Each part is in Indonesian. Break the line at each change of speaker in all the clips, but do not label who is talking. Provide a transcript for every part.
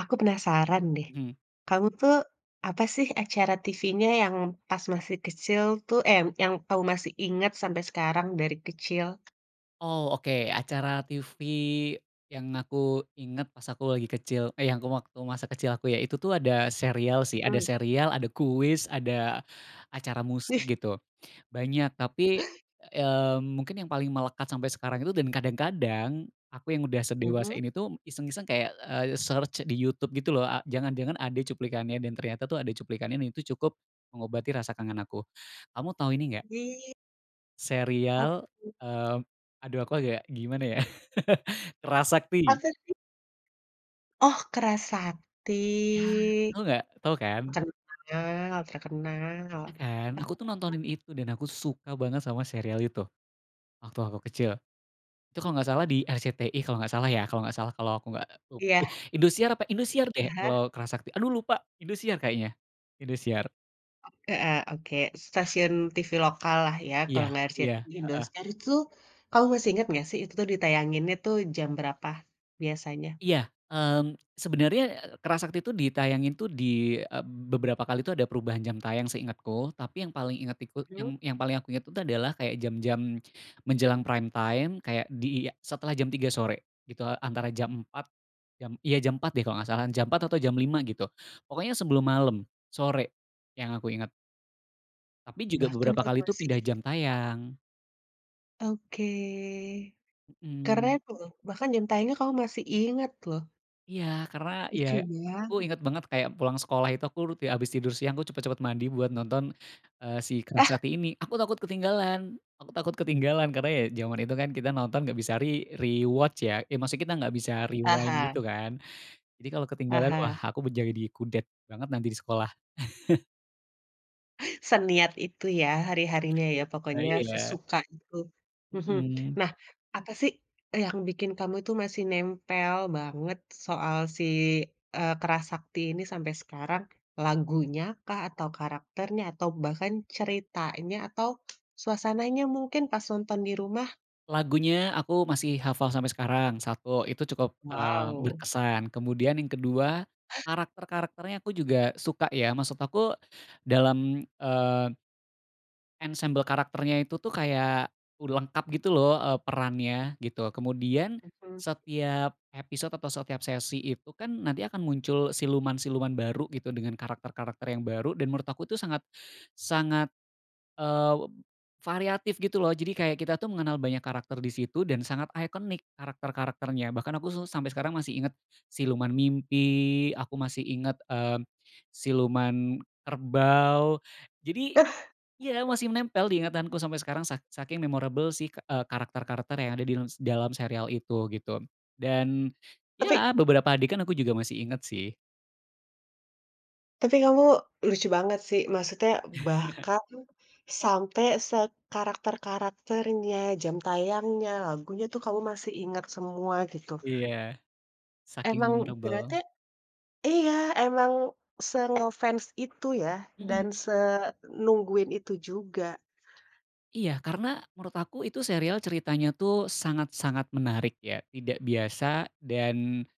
Aku penasaran deh,
Hmm.
kamu tuh apa sih acara TV-nya yang pas masih kecil, tuh eh, yang kamu masih inget sampe sekarang dari kecil?
Oh, oke. Acara TV yang aku ingat, pas aku lagi kecil eh, yang waktu masa kecil aku ya, itu tuh ada serial sih, ada
Mhm.
serial, ada kuis, ada acara musik
Ih.
gitu. Banyak, tapi, eee, mungkin yang paling melekat sampai sekarang itu dan kadang-kadang, aku yang udah sedewasa
Hmm.
ini tuh iseng-iseng kayak, eee, search di YouTube gitu loh. A jangan-jangan ada cuplikannya dan ternyata tuh ada cuplikannya. Dan itu cukup mengobati rasa kangen aku. Kamu tahu ini, nggak
Ih. Apa
serial
tuh?
mmm, aduh aku agak gimana ya, Kera Sakti.
Masa sih? Oh, Kera Sakti,
Ya, tau nggak? Tau kan?
kenal terkenal.
Ya kan? Aku tuh
[unintelligible]
nontonin itu dan aku suka banget sama serial itu, waktu aku kecil. Itu kalau nggak salah di RCTI kalau nggak salah ya, kalau nggak salah kalau aku nggak lup ih,
Iya.
Indosiar apa, Indosiar deh
Aha.
kalau Kera Sakti aduh lupa Indosiar kayaknya. Indosiar.
Heeh, oke. Stasiun TV lokallah ya, kalo
Iya,
nggak
iya,
RCTI,
heeh.
Indosiar. Itu kamu masih inget nggak sih itu tuh ditayanginnya tuh jam berapa biasanya?
Iya, mmm, sebenarnya, eee, Kera Sakti itu ditayangin, tuh, dieb beberapa kali tuh ada perubahan jam tayang seingetku. Tapi yang paling inget iku
Mhm.
yang yang paling aku ingat itu adalah kayak jam-jam menjelang prime time, kayak disetelah jam 03:00 sore gitu, antara jam 04:00. Jam iya, jam 04:00 deh, kalau nggak salah, jam 04:00 atau jam 05:00 gitu, pokoknya sebelum malam, sore yang aku ingat. Tapi juga
Bahkan
beberapa
kamu
kali itu
masih
pindah jam
inget.
tayang.
Oke, keren
Mhm.
loh. Bahkan jam tayangnya kamu masih inget loh.
Iya, karena ya
Lucu
aku
banget.
inget banget kayak pulang sekolah itu aku rut ya habis tidur siang, aku cepat-cepat mandi buat nonton, eee, si Kera
Ah.
Sakti ini. Aku takut ketinggalan aku takut ketinggalan. Karena ya zaman itu kan kita nonton nggak bisa re rewatch ya. Eh, maksudnya kita nggak bisa rewind gitu,
Aha.
kan. Jadi kalau ketinggalan, wah
Aha.
aku menjadi kudet banget nanti di sekolah.
Seniat itu ya, hari-harinya ya
Iya
pokoknya
iya iya.
sesuka itu, mhm.
Mhm.
Nah, apa sih yang bikin kamu itu masih nempel banget soal si, eee, Kera Sakti ini sampai sekarang? Lagunya kah, atau karakternya, atau bahkan ceritanya, atau suasananya mungkin pas nonton di rumah?
Lagunya aku masih hafal sampai sekarang, satu, itu cukup, eee,
Wow.
berkesan. Kemudian yang kedua, karakter-karakternya aku juga suka, ya. Maksud aku, dalam, eee ensembel karakternya itu tuh kayak u lengkap gitu loh, eee, perannya gitu. Kemudian
Hmm.
setiap episode atau setiap sesi itu kan nanti akan muncul siluman-siluman baru gitu, dengan karakter-karakter yang baru, dan menurut aku tuh sangat sangat, eee, variatif gitu loh. Jadi kayak kita tuh mengenal banyak karakter di situ, dan sangat ikonik karakter-karakternya. Bahkan aku suh sampai sekarang masih ingat siluman mimpi, aku masih ingat, eee, siluman kerbau. Jadi iya, masih menempel di ingatanku sampai sekarang, sak saking memorable sih, eee, karakter-karakter yang ada dins dalam serial itu, gitu. Dan,
Tapi
ya beberapa adegan aku juga masih ingat sih.
Tapi kamu lucu banget sih, maksudnya bahkan sampe sekarakter-karakternya, jam tayangnya, lagunya, tuh kamu masih ingat semua, gitu.
Iya, saking
Emang berarti
memorable.
iya, emang se-nge-fans itu ya,
Mhm.
dan senungguin itu juga.
Iya. Karena menurut aku itu serial ceritanya tuh sangat-sangat menarik ya, tidak biasa, dan,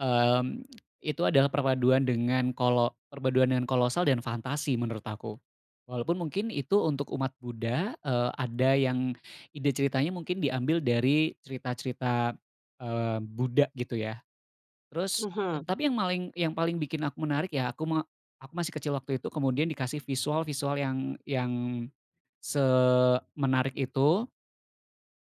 mmm, itu adalah perpaduan dengan kolo perpaduan dengan kolosal dan fantasi menurut aku. Walaupun mungkin itu untuk umat Buddha, eee, ada yang ide ceritanya mungkin diambil dari cerita-cerita, eee, Buddha gitu ya. Terus
Mhm.
tapi yang maling yang paling bikin aku menarik ya, aku me aku masih kecil waktu itu, kemudian dikasih visual-visual yang yang semenarik itu,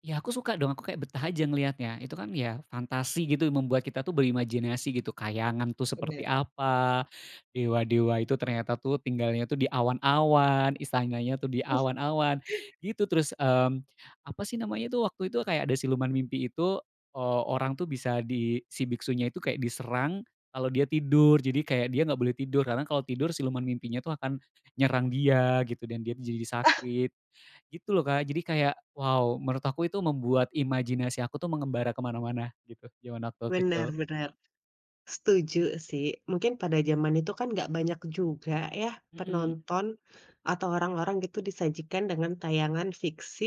ya, aku suka dong, aku kayak betah aja ngeliatnya. Itu kan ya fantasi gitu, membuat kita tuh berimajinasi gitu. Kayangan tuh seperti
Bener.
apa, dewa-dewa itu ternyata tuh tinggalnya tuh di awan-awan, istananya tuh di awan-awan, gitu. Terus, mmm, apa sih namanya tuh, waktu itu, kayak ada siluman mimpi itu, eee, orang tuh bisa di si biksunya itu kayak diserang kalau dia tidur. Jadi kayak dia nggak boleh tidur, karena kalau tidur siluman mimpinya tuh akan nyerang dia gitu, dan dia tuh jadi sakit, gitu loh, Kak. Jadi kayak, wow, menurut aku itu membuat imajinasi aku tuh mengembara ke mana-mana, gitu, zaman aku
Bener
kecil.
bener. Setuju sih. Mungkin pada zaman itu kan nggak banyak juga ya
Mhm.
penonton atau orang-orang gitu disajikan dengan tayangan fiksi,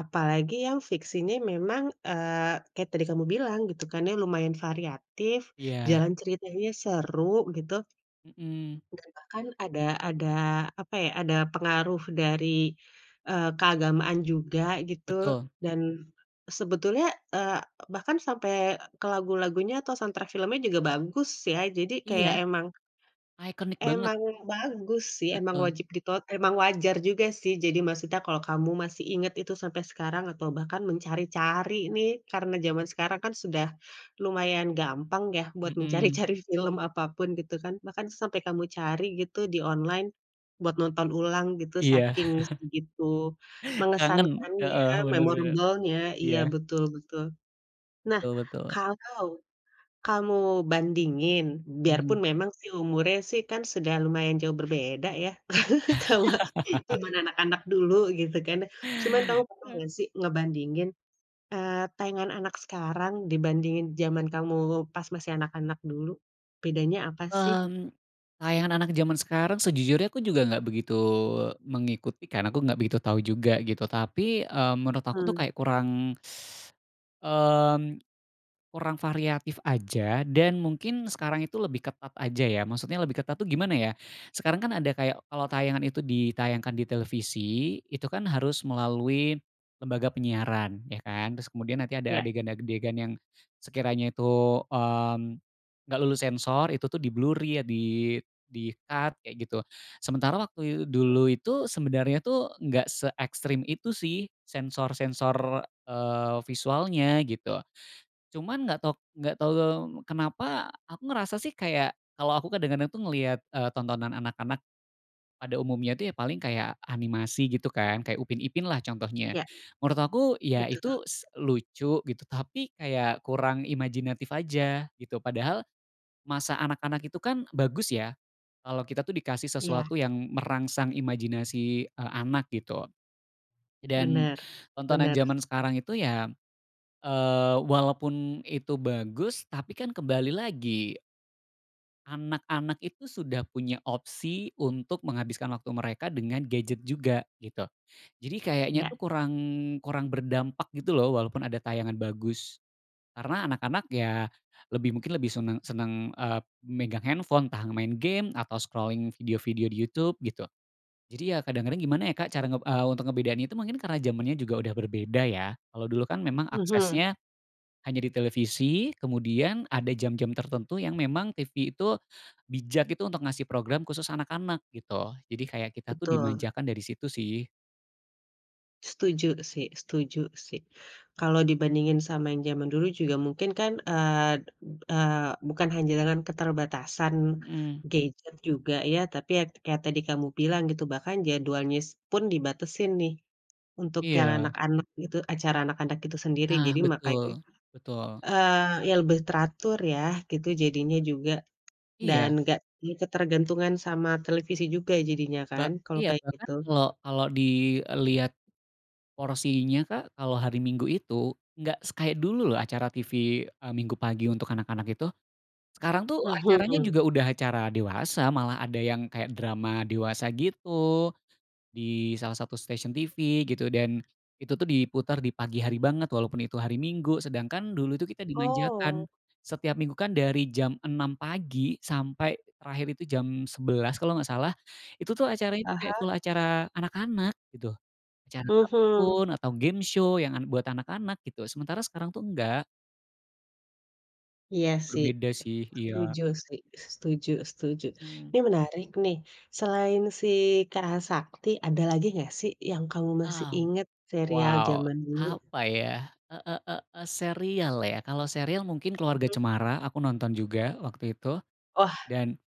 apalagi yang fiksinya memang eee, kayak tadi kamu bilang gitu kan ya, lumayan variatif,
Iya.
jalan ceritanya seru, gitu.
Mhm.
Dan bahkan ada ada apa ya, ada pengaruh dari, eee, keagamaan juga, gitu.
Betul.
Dan sebetulnya eee, bahkan sampe ke lagu-lagunya atau soundtrack filmnya juga bagus, ya? Jadi kayak
Iya.
emang
Ikonik banget.
emang bagus sih, emang
Betul.
wajib diton emang wajar juga sih. Jadi maksudnya kalo kamu masih inget itu sampai sekarang atau bahkan mencari-cari nih, karena zaman sekarang kan sudah lumayan gampang ya buat
Mhm.
mencari-cari film apapun, gitu kan? Bahkan sampai kamu cari gitu di online, buat nonton ulang gitu
Iya.
saking segitu
Kangen,
mengesankannya,
heeh, bener bener.
memorable-nya, iya,
Iya.
betul betul. Nah,
Betul betul.
kalau kamu bandingin, biarpun
Mhm.
memang sih, umurnya sih kan sudah lumayan jauh berbeda ya, sama zaman anak-anak dulu gitu kan, cuman kamu pernah nggak sih ngebandingin, eee, tayangan anak sekarang dibandingin zaman kamu pas masih anak-anak dulu? Bedanya apa sih?
Mmm, tayangan anak-anak zaman sekarang sejujurnya aku juga nggak begitu mengikuti, karena aku nggak begitu tahu juga, gitu. Tapi, mmm, menurut aku tuh
Hmm.
kayak kurang mmm, kurang variatif aja, dan mungkin sekarang itu lebih ketat aja ya. Maksudnya lebih ketat tuh gimana ya, sekarang kan ada kayak kalau tayangan itu ditayangkan di televisi, itu kan harus melalui lembaga penyiaran, ya, kan? Terus kemudian nanti ada
Iya.
adegan-adegan yang sekiranya itu, mmm, nggak lulus sensor, itu tuh di-blur ya, di di-cut kayak gitu. Sementara waktu
Hmm.
dulu itu, sebenarnya tuh nggak seekstrem itu sih sensor-sensor, eee, visualnya, gitu. Cuman nggak tahu nggak tahu kenapa aku ngerasa sih kayak kalau aku kadang-kadang tuh ngelihat, eee, tontonan anak-anak pada umumnya tuh ya paling kayak animasi, gitu, kan? Kayak Upin Ipin lah contohnya.
Iya.
Menurut aku ya itu
Betul.
s lucu, gitu, tapi kayak kurang imajinatif aja, gitu. Padahal masa anak-anak itu kan bagus ya kalo kita tuh dikasih
Iya.
sesuatu yang merangsang imajinasi, eee, anak, gitu. Dan,
Bener,
tontonan
bener.
zaman sekarang itu ya, eee, walaupun itu bagus, tapi kan kembali lagi anak-anak itu sudah punya opsi untuk menghabiskan waktu mereka dengan gadget juga, gitu. Jadi kayaknya
Iya.
tuh kurang kurang berdampak gitu loh, walaupun ada tayangan bagus. Karena anak-anak ya lebih mungkin lebih seneng seneng, eee, megang handphone, entah main game, atau scrolling video-video di YouTube, gitu. Jadi, ya, kadang-kadang gimana ya Kak, cara nge eee, untuk ngebedain itu mungkin karena zamannya juga udah berbeda, ya? Kalau dulu kan memang
Mhm.
aksesnya hanya di televisi, kemudian ada jam-jam tertentu yang memang TV itu bijak gitu untuk ngasih program khusus anak-anak, gitu. Jadi kayak kita tuh
Betul.
dimanjakan dari situ, sih.
Setuju sih setuju sih. Kalau dibandingin sama yang zaman dulu juga mungkin kan, eee eee, bukan hanya dengan keterbatasan
Mhm.
gadget juga ya, tapi ya kayak tadi kamu bilang gitu, bahkan jadwalnya pun dibatesin nih, untuk yang
Iya.
anak-anak gitu acara anak-anak itu sendiri.
Nah,
Jadi, makanya,
betul, betul.
eee, ya, lebih teratur, ya, gitu, jadinya juga, dan
Iya.
nggak di ketergantungan sama televisi juga jadinya
Ba
kan, kalau
iya,
kayak
bahkan
gitu?
kalo kalo dilihat porsinya Kak, kalau hari Minggu itu, nggak se kayak dulu loh acara TV, eee, Minggu pagi untuk anak-anak itu. Sekarang tuh acaranya juga
Mhm.
udah acara dewasa, malah ada yang kayak drama dewasa gitu, di salah satu stasiun TV gitu, dan, itu tuh diputer di pagi hari banget walaupun itu hari Minggu. Sedangkan, dulu itu kita dimanjakan.
Oh.
Setiap Minggu kan dari jam 6 pagi, sampai terakhir itu jam 11 kalau nggak salah, itu tuh acaranya itu kayak
Aha.
full acara anak-anak, gitu. Acara
Mhm.
kartun, atau game show, yang an buat anak-anak, gitu. Sementara sekarang tuh enggak.
Iya sih.
Berbeda sih, iya.
Setuju sih, setuju setuju.
Hmm.
Ini menarik nih, selain si Kera Sakti, ada lagi nggak sih yang kamu masih
Mmm,
inget serial
wow!
zaman dulu?
Apa, ya? E e e e serial, ya? Kalau serial mungkin Keluarga
Hmm.
Cemara, aku nonton juga waktu itu,
Wah.
dan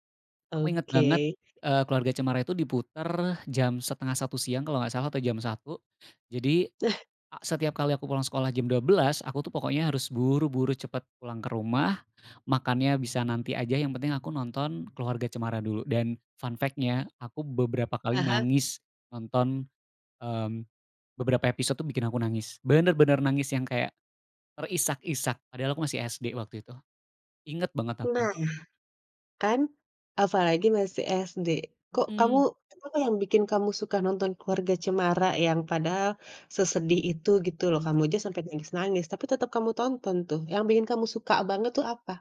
aku inget banget,
Oke.
eee, Keluarga Cemara itu diputer jam 12.30 siang kalau nggak salah, atau jam 1. Jadi,
Nah.
a setiap kali aku pulang sekolah jam 12, aku tuh pokoknya harus buru-buru cepet pulang ke rumah, makannya bisa nanti aja, yang penting aku nonton Keluarga Cemara dulu. Dan, fun fact-nya aku beberapa kali
Aha.
nangis nonton mmm, beberapa episode tuh bikin aku nangis. Bener-bener nangis yang kayak terisak-isak, padahal aku masih SD waktu itu. Inget banget aku.
Nah, kan! Apalagi masih SD. Kok kamu
Mhm.
apa yang bikin kamu suka nonton Keluarga Cemara yang padahal sesedih itu gitu loh,
Mmm.
kamu aja sampe nangis-nangis, tapi tetep kamu tonton tuh, yang bikin kamu suka banget tuh apa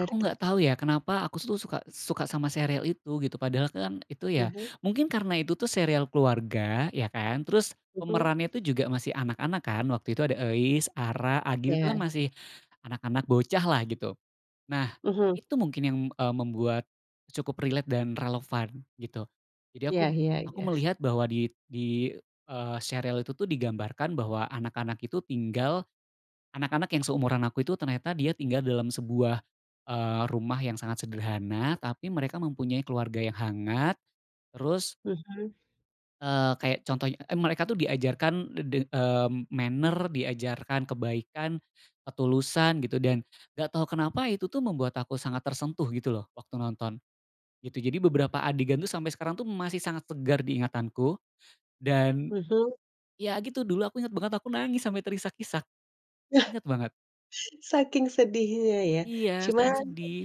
Aku nggak tahu ya, kenapa aku tu suka suka sama serial itu, gitu. Padahal kan itu
Ah
ya
hah.
mungkin karena itu tuh serial keluarga ya kan, terus
Mhm.
pemerannya itu juga masih anak-anak kan, waktu itu ada Euis, Ara, Agil, itu kan
Ya.
masih anak-anak bocahlah, gitu. Nah,
Mhm.
itu mungkin yang, eee, membuat cukup relate dan relevan, gitu. Jadi
Iya
aku
iya
aku
iyes.
melihat bahwa di di eee, serial itu tuh digambarkan bahwa anak-anak itu tinggal anak-anak yang seumuran aku itu ternyata dia tinggal dalam sebuah, eee, rumah yang sangat sederhana, tapi mereka mempunyai keluarga yang hangat, terus
Mhm.
eee, kayak contohnya eh, mereka tuh diajarkan de de mmm, manner, diajarkan kebaikan, ketulusan, gitu. Dan, nggak tau kenapa itu tuh membuat aku sangat tersentuh gitu loh, waktu nonton, gitu. Jadi, beberapa adegan tuh sampai sekarang tuh masih sangat segar di ingatanku, dan
Mhm.
ya, gitu, dulu aku inget banget aku nangis sampai terisak-isak, inget banget.
Saking sedihnya, ya?
Iya,
Cuman
saking sedih.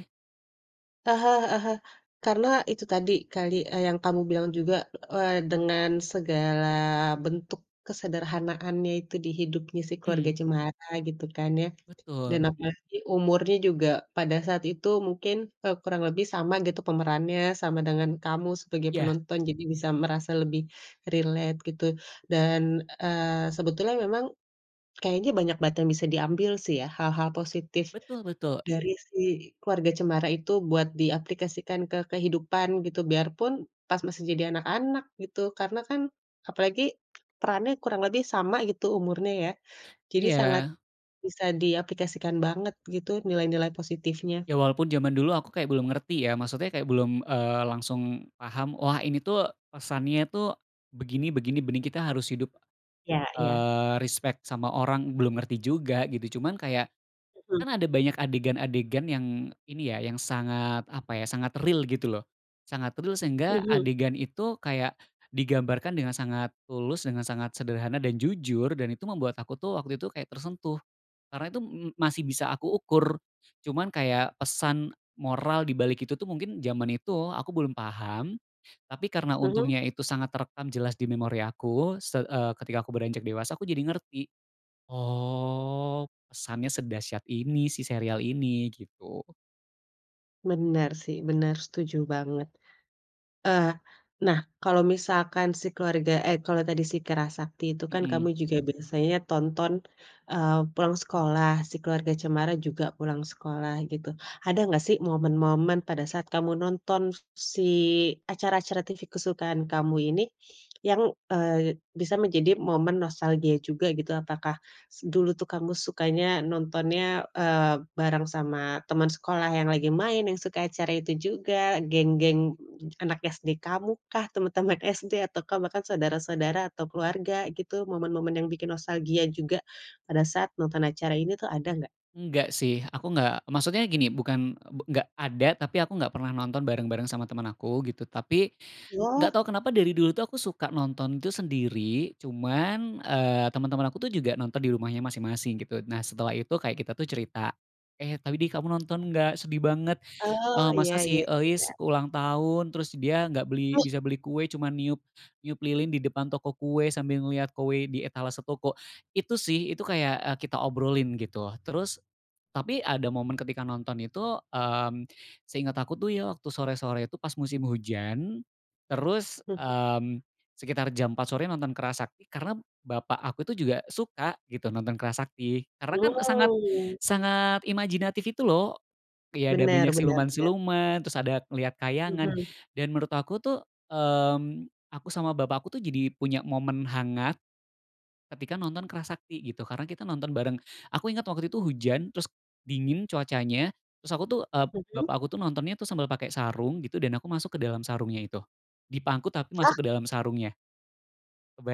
Aha, heeh heeh. Karena itu tadi kali, eee, yang kamu bilang juga, eee, dengan segala bentuk kesederhanaannya itu di hidupnya si Keluarga
Mhm.
Cemara gitu kan ya. Dan
Betul.
apalagi umurnya juga pada saat itu mungkin, eee, kurang lebih sama gitu pemerannya, sama dengan kamu sebagai
Iya.
penonton. Jadi bisa merasa lebih relate, gitu. Dan, eee, sebetulnya memang kayaknya banyak banget yang bisa diambil sih ya, hal-hal positif
Betul betul.
dari si Keluarga Cemara itu buat diaplikasikan ke kehidupan gitu, biarpun pas masih jadi anak-anak, gitu. Karena kan apalagi perannya kurang lebih sama gitu umurnya ya, jadi sangat
Iya.
bisa diaplikasikan banget gitu nilai-nilai positifnya.
Ya, walaupun zaman dulu aku kayak belum ngerti ya, maksudnya kayak belum, eee, langsung paham, "Wah, ini tuh pesannya tuh begini begini benih Kita harus hidup,
Iya iya.
eee, respek sama orang" Belum ngerti juga, gitu. Cuman kayak
Mhm.
kan ada banyak adegan-adegan yang ini ya, yang sangat apa ya, sangat real, gitu loh. Sangat real sehingga
Mhm.
adegan itu kayak digambarkan dengan sangat tulus, dengan sangat sederhana, dan jujur, dan itu membuat aku tuh waktu itu kayak tersentuh. Karena itu m masih bisa aku ukur. Cuman kayak pesan moral di balik itu tuh mungkin zaman itu aku belum paham, tapi karena
Mhm.
untungnya itu sangat terekam jelas di memori aku se eee, ketika aku beranjak dewasa aku jadi ngerti. "Oh, pesannya sedahsyat ini, si serial ini." Gitu.
Benar sih, benar, setuju banget. Eee, nah, kalau misalkan si keluarga eh kalau tadi si Kera Sakti itu kan kamu
Mhm.
juga biasanya tonton, eee, pulang sekolah si Keluarga Cemara juga pulang sekolah gitu. Ada nggak sih momen-momen pada saat kamu nonton si, acara-acara TV kesukaan kamu ini, yang, eee, bisa menjadi momen nostalgia juga gitu, apakah s dulu tuh kamu sukanya nontonnya, eee, bareng sama teman sekolah yang lagi main, yang suka acara itu juga, geng-geng anak SD kamukah? Teman-teman SD? Ataukah bahkan saudara-saudara atau keluarga gitu momen-momen yang bikin nostalgia juga, pada saat nonton acara ini tuh, ada nggak?
Enggak sih, aku enggak maksudnya gini, bukan, e be enggak ada tapi aku enggak pernah nonton bareng-bareng sama teman aku, gitu. Tapi,
Wah.
enggak tahu kenapa dari dulu tuh aku suka nonton itu sendiri cuman, eee, teman-teman aku tuh juga nonton di rumahnya masing-masing, gitu. Nah, setelah itu kayak kita tuh cerita, "Eh, tadi kamu nonton nggak, sedih banget,
Oh,
eee,
iya
masa si
iya
Euis
iya.
ulang tahun terus dia gak beli bisa beli kue cuma niup niup lilin di depan toko kue sambil ngeliat kue di etalase toko," itu sih, itu kayak e kita obrolin gitu loh. Terus, tapi ada momen ketika nonton itu, mmm, seinget aku tuh ya, waktu sore-sore itu pas musim hujan, terus,
Mhm.
mmm, sekitar jam 4.00 sore nonton Kera Sakti karena bapak aku tuh juga suka gitu, nonton Kera Sakti karena kan sangat
Mmm.
sangat imajinatif itu loh, kayak ada
Benar
banyak
benar benar.
siluman-siluman terus ada ngelihat khayangan,
Mhm.
dan menurut aku tuh, mmm, aku sama bapak aku tuh jadi punya momen hangat, ketika nonton Kera Sakti gitu, karena kita nonton bareng. Aku inget waktu itu hujan, terus dingin cuacanya, terus aku tuh e
Mhm?
bapak aku tuh nontonnya tuh sambil pakai sarung gitu, dan aku masuk ke dalam sarungnya itu, dipangku tapi
Lah?
masuk ke dalam sarungnya.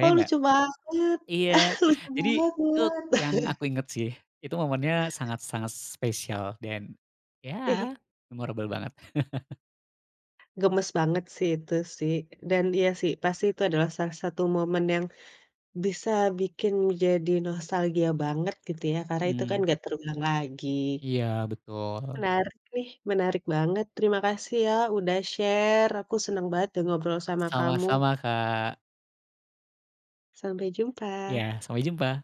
Kok,
nggak?
lucu banget.
Iya,
Lucu
jadi itu
banget.
yang aku inget sih. Itu momennya sangat-sangat spesial dan, ya
Ih.
memorable banget.
Gemes banget sih, itu sih, dan iya sih, pasti itu adalah salah satu momen yang, bisa bikin jadi nostalgia banget gitu ya, karena itu kan
Mhm.
nggak terulang lagi.
Iya, betul.
Menarik nih, menarik banget, terima kasih ya udah share, aku seneng banget deh ngobrol sama kamu.
Sama-sama Kak.
Sampai jumpa.
Iya, sampai jumpa.